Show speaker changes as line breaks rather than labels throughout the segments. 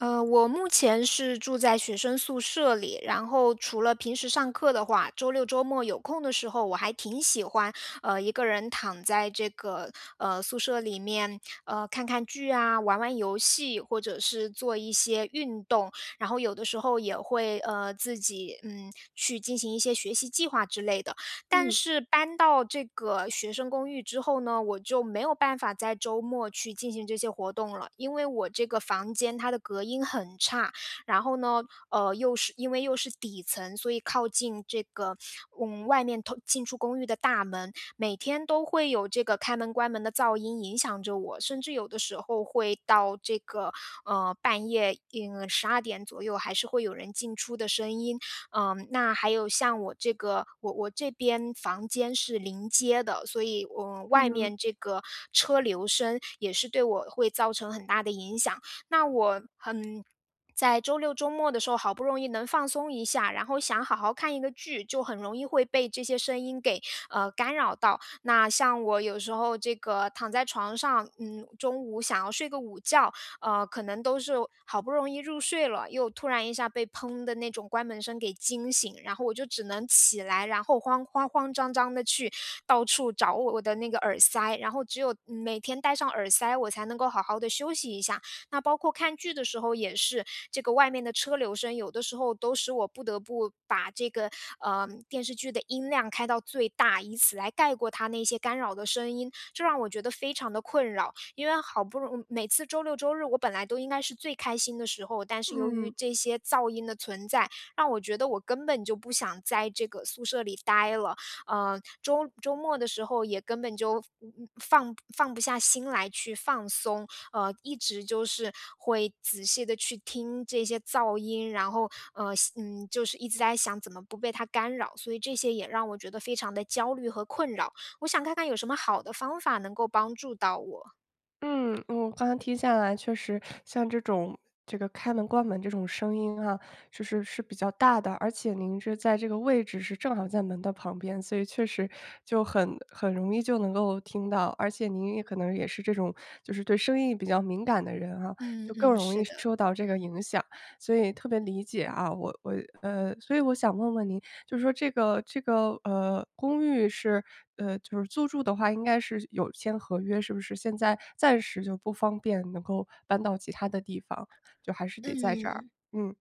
呃，我目前是住在学生宿舍里，然后除了平时上课的话，周六周末有空的时候，我还挺喜欢，呃，一个人躺在这个，呃，宿舍里面，呃，看看剧啊，玩玩游戏，或者是做一些运动，然后有的时候也会，呃，自己，嗯，去进行一些学习计划之类的。但
嗯。
是搬到这个学生公寓之后呢，我就没有办法在周末去进行这些活动了。因为我这个房间它的隔音很差，然后呢，呃，又是因为又是底层，所以靠近这个，嗯，外面通进出公寓的大门，每天都会有这个开门关门的噪音影响着我。甚至有的时候会到这个，呃，半夜，应12：00左右还是会有人进出的声音。嗯，那还有像我这个我我这边房间是临街的，所以我外
嗯。
面这个车流声，也是对我会造成很大的影响。那我很在周六周末的时候，好不容易能放松一下，然后想好好看一个剧，就很容易会被这些声音给，呃，干扰到。那像我有时候这个躺在床上，嗯，中午想要睡个午觉，呃，可能都是好不容易入睡了，又突然一下被砰的那种关门声给惊醒。然后我就只能起来，然后慌慌慌张张地去到处找我我的那个耳塞，然后只有每天戴上耳塞，我才能够好好地休息一下。那包括看剧的时候也是，这个外面的车流声，有的时候都使我不得不把这个，呃，电视剧的音量开到最大，以此来盖过它那些干扰的声音。这让我觉得非常地困扰。因为好不容易每次周六周日我本来都应该是最开心的时候，但是由于
嗯。
这些噪音的存在，让我觉得我根本就不想在这个宿舍里呆了。呃，周周末的时候也根本就，嗯，放不放不下心来去放松，呃，一直就是会仔细地去听这些噪音，然后，呃嗯，就是一直在想怎么不被它干扰。所以这些也让我觉得非常地焦虑和困扰，我想看看有什么好的方法能够帮助到我？
嗯，我刚才听下来确实，像这种这个开门关门这种声音啊，就是是比较大的，而且您是在这个位置是正好在门的旁边，所以确实，就很很容易就能够听到。而且您也可能也是这种，就是对声音比较敏感的人啊，
嗯，
就更
嗯，
容易
是的。
受到这个影响，所以特别理解啊。我我呃，所以我想问问您，就说这个这个，呃，公寓是，呃，就是租住的话应该是有签合约是不是？现在暂时就不方便能够搬到其它的地方，就还是得在这儿？
嗯。
嗯。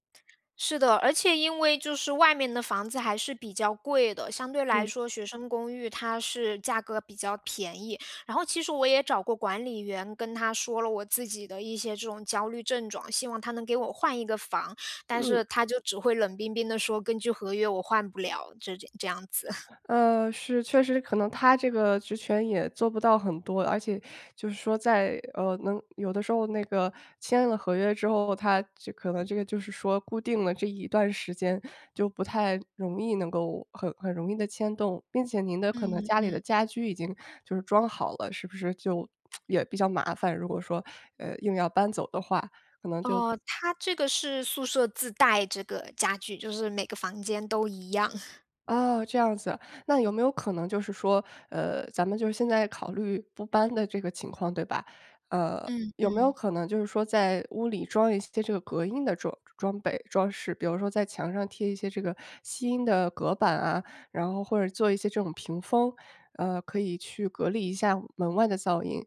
是的，而且因为就是外面的房子还是比较贵的，相对来
嗯。
说学生公寓它是价格比较便宜，然后其实我也找过管理员跟他说了我自己的一些这种焦虑症状，希望他能给我换一个房，但
嗯。
是他就只会冷冰冰地说，根据合约我换不了，这这这样子。
呃，是，确实可能他这个职权也做不到很多，而且，就是说在，呃，能有的时候那个签了合约之后，它这可能这个就是说固定了这一段时间就不太容易能够，很很容易地迁动，并且您的可能
嗯，
家里
嗯。
的家居已经就是装好了，是不是就，也比较麻烦，如果说，呃，硬要搬走的话，可能就
哦，它这个是宿舍自带这个家具，就是每个房间都一样。
哦，这样子。那有没有可能就是说，呃，咱们就现在考虑不搬的这个情况对吧？呃，
嗯，
有没有
嗯。
可能就是说在屋里装一些这个隔音的装装备、装饰？比如说在墙上贴一些这个吸音的隔板啊，然后或者做一些这种屏风，呃，可以去隔离一下门外的噪音。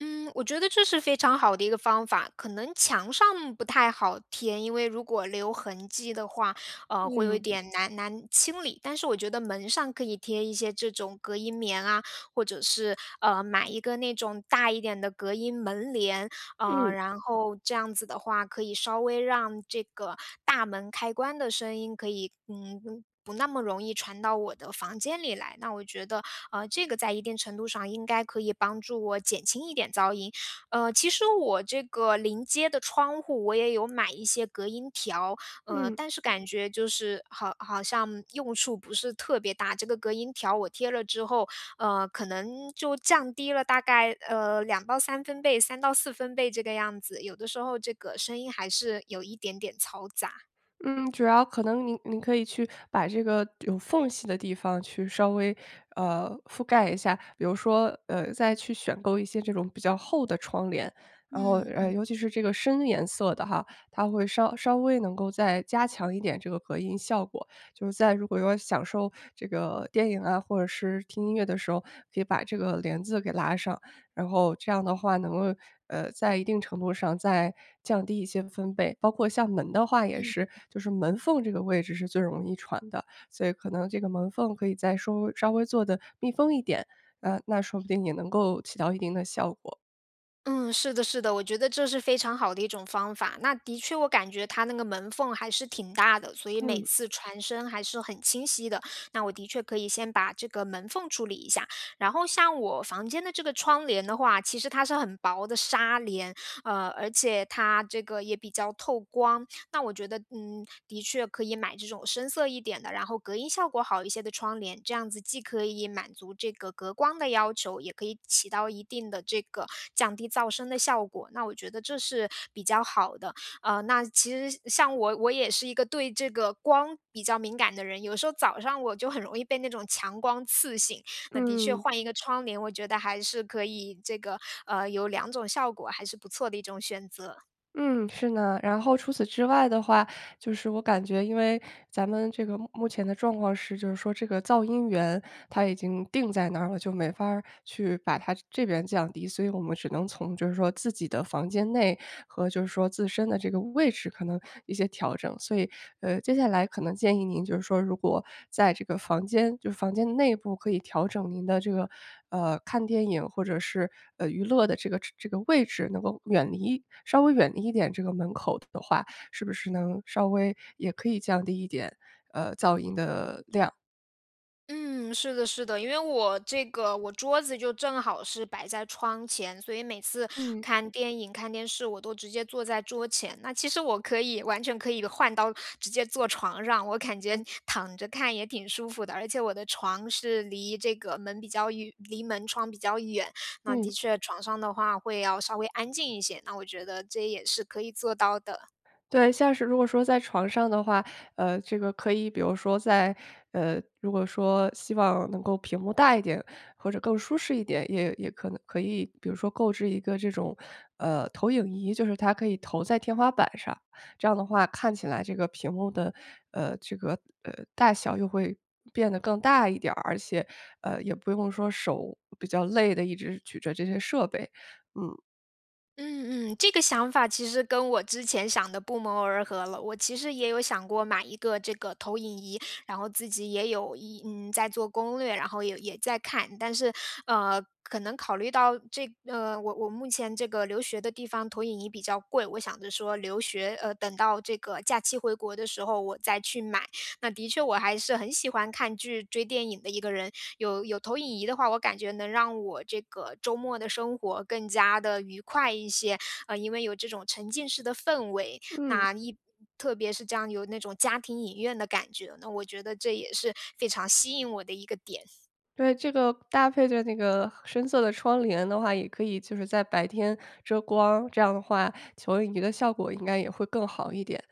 嗯，我觉得这是非常好的一个方法。可能墙上不太好贴，因为如果留痕迹的话，呃，会有一
嗯。
点难难清理，但是我觉得门上可以贴一些这种隔音棉啊，或者是，呃，买一个那种大一点的隔音门帘，呃，
嗯。
然后这样子的话，可以稍微让这个大门开关的声音，可以，嗯，不那么容易传到我的房间里来。那我觉得，呃，这个在一定程度上应该可以帮助我减轻一点噪音。呃，其实我这个临街的窗户，我也有买一些隔音条，呃，
嗯。
但是感觉就是好好像用处不是特别大。这个隔音条我贴了之后，呃，可能就降低了大概，呃，2到3分贝，3到4分贝这个样子，有的时候这个声音还是有一点点嘈杂。
嗯，主要可能您您可以去把这个有缝隙的地方去稍微，呃，覆盖一下。比如说，呃，再去选购一些这种比较厚的窗帘。然后，
嗯
呃，
嗯。
尤其是这个深颜色的哈，它会稍稍微能够再加强一点这个隔音效果。就是在如果要享受这个电影啊，或者是听音乐的时候，可以把这个帘子给拉上。然后这样的话能够，呃，在一定程度上再降低一些分贝，包括像门的话也
嗯。
是，就是门缝这个位置是最容易传的，所以可能这个门缝可以再稍微稍微做得密封一点，呃，那说不定也能够起到一定的效果。
嗯，是的是的，我觉得这是非常好的一种方法，那的确我感觉它那个门缝还是挺大的，所以每
嗯。
次传声还是很清晰的，那我的确可以先把这个门缝处理一下。然后像我房间的这个窗帘的话，其实它是很薄的纱帘，呃，而且它这个也比较透光，那我觉得，嗯，的确可以买这种深色一点的，然后隔音效果好一些的窗帘。这样子既可以满足这个隔光的要求，也可以起到一定的这个降低噪声的效果，那我觉得这是比较好的。呃，那其实，像我我也是一个对这个光比较敏感的人，有时候早上我就很容易被那种强光刺醒。那的确
嗯。
换一个窗帘，我觉得还是可以这个，呃，有两种效果还是不错的一种选择。
嗯，是呢。然后除此之外的话，就是我感觉，因为咱们这个目目前的状况是，就是说这个噪音源，它已经定在那儿了，就没法儿去把它这边降低，所以我们只能从就是说自己的房间内，和就是说自身的这个位置可能一些调整。所以，呃，接下来可能建议您就是说，如果在这个房间就是房间内部可以调整您的这个，呃，看电影或者是，呃，娱乐的这个这个位置，能够远离稍微远离一点这个门口的话，是不是能稍微也可以降低一点，呃，噪音的量。
嗯，是的是的，因为我这个我桌子就正好是摆在窗前，所以每次
嗯。
看电影、看电视，我都直接坐在桌前。那其实我可以完全可以换到直接坐床上，我感觉躺着看也挺舒服的，而且我的床是离这个门比较远离门窗比较远。那的
嗯。
确床上的话会要稍微安静一些，那我觉得这也是可以做到的。
对，像是如果说在床上的话，呃，这个可以比如说在呃，如果说希望能够屏幕大一点，或者更舒适一点，也也可能可以比如说购置一个这种，呃，投影仪就是它可以投在天花板上，这样的话看起来这个屏幕的，呃，这个，呃，大小又会变得更大一点儿，而且，呃，也不用说手比较累地一直举着这些设备，嗯。
嗯嗯，这个想法其实跟我之前想的不谋而合了，我其实也有想过买一个这个投影仪，然后自己也有一嗯，在做攻略，然后也也在看。但是，嗯，可能考虑到这嗯，我我目前这个留学的地方投影仪比较贵，我想着说留学，呃，等到这个假期回国的时候，我再去买。那的确我还是很喜欢看剧，追电影的一个人，有有投影仪的话，我感觉能让我这个周末的生活更加地愉快一些。嗯，因为有这种沉浸式的氛围，
嗯。
那一特别是这样有那种家庭影院的感觉，那我觉得这也是非常吸引我的一个点。
对，这个搭配着那个深色的窗帘的话也可以就是在白天遮光，这样的话投影仪的效果应该也会更好一点。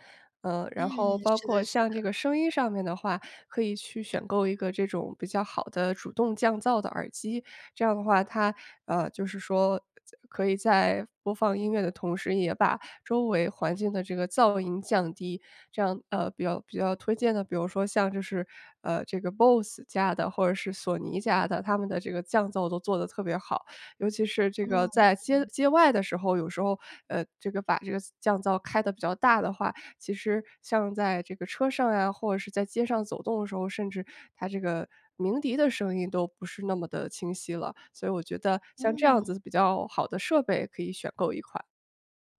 呃，
嗯，
然后包
是
括
的是
像这
的。
个声音上面的话，可以去选购一个这种比较好的主动降噪的耳机，这样的话它，呃，就是说就可以在播放音乐的同时也把周围环境的这个噪音降低，这样，呃，比较比较推荐的，比如说像就是，呃，这个 Bose 家的或者是索尼家的，它们的这个降噪都做得都特别好。尤其是这个
嗯。
在街
嗯。
街外的时候，有时候，呃，这个把这个降噪开得比较大的话，其实像在这个车上呀，或者是在街上走动的时候，甚至它这个鸣笛的声音都不是那么的清晰了。所以我觉得像这样
嗯。
子比较好的设备可以选购一款。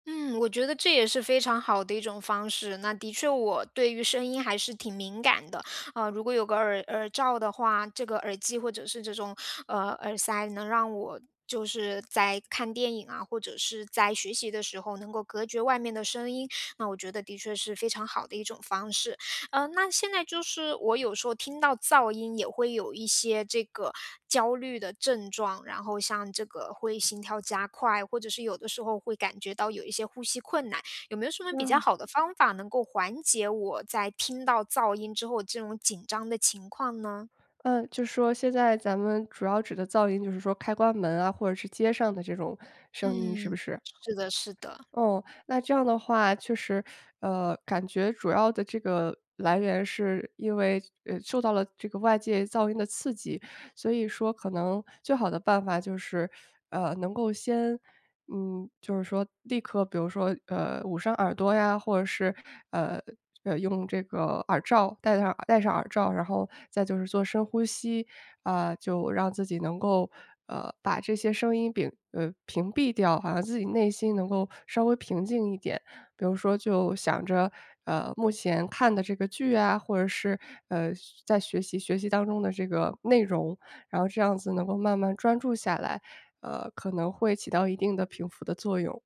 嗯，我觉得这也是非常好的一种方式。那的确我对于声音还是挺敏感的，呃，如果有个耳耳罩的话，这个耳机或者是这种，呃，耳塞，能让我就是在看电影啊，或者是在学习的时候，能够隔绝外面的声音，那我觉得的确是非常好的一种方式。呃，那现在就是我有时候听到噪音，也会有一些这个焦虑的症状，然后像这个会心跳加快，或者是有的时候会感觉到有一些呼吸困难，有没有什么比较
哇。
好的方法，能够缓解我在听到噪音之后这种紧张的情况呢？
嗯，就说现在咱们主要指的噪音，就是说开关门啊，或者是街上的这种声音是不
嗯，
是？
是的是的。
嗯。那这样的话，确实，呃，感觉主要的这个来源是因为，呃，受到了这个外界噪音的刺激。所以说可能最好的办法就是，呃，能够先嗯，就是说立刻比如说，呃，捂上耳朵呀，或者是，呃，用这个耳罩，戴上耳戴上耳罩，然后再就是做深呼吸，呃，就让自己能够，呃，把这些声音摒呃，屏蔽掉，好像自己内心能够稍微平静一点。比如说就想着，呃，目前看的这个剧啊，或者是，呃，学在学习学习当中的这个内容，然后这样子能够慢慢专注下来，呃，可能会起到一定的平抚的作用。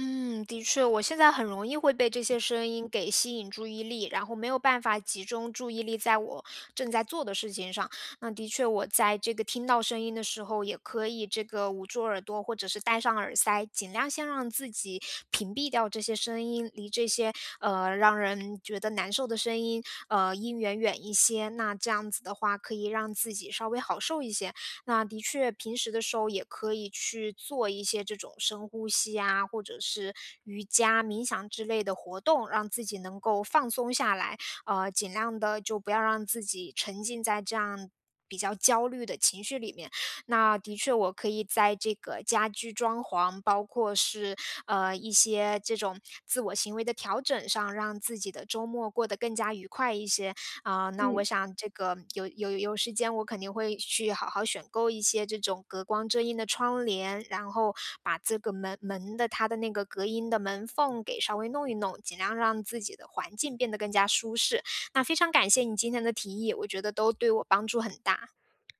嗯，的确。我现在很容易会被这些声音给吸引注意力，然后没有办法集中注意力在我正在做的事情上。那的确我在这个听到声音的时候，也可以这个捂住耳朵，或者是戴上耳塞，尽量先让自己屏蔽掉这些声音，离这些，呃，让人觉得难受的声音呃，音源远一些，那这样子的话可以让自己稍微好受一些。那的确平时的时候也可以去做一些这种深呼吸呀，或者是瑜伽、冥想之类的活动，让自己能够放松下来。呃，尽量地就不要让自己沉浸在这样比较焦虑的情绪里面。那的确我可以在这个家居装潢，包括是，呃，一些这种自我行为的调整上，让自己的周末过得更加愉快一些。呃，那
嗯。
我想这个有有有时间我肯定会去好好选购一些这种隔光遮荫的窗帘，然后把这个门门的它的那个隔音的门缝给稍微弄一弄，尽量让自己的环境变得更加舒适。那非常感谢你今天的提议，我觉得都对我帮助很大。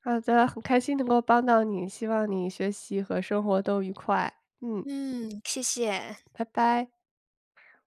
好的。很开心能够帮到你，希望你学习和生活都愉快。嗯。
嗯，谢谢。
拜拜。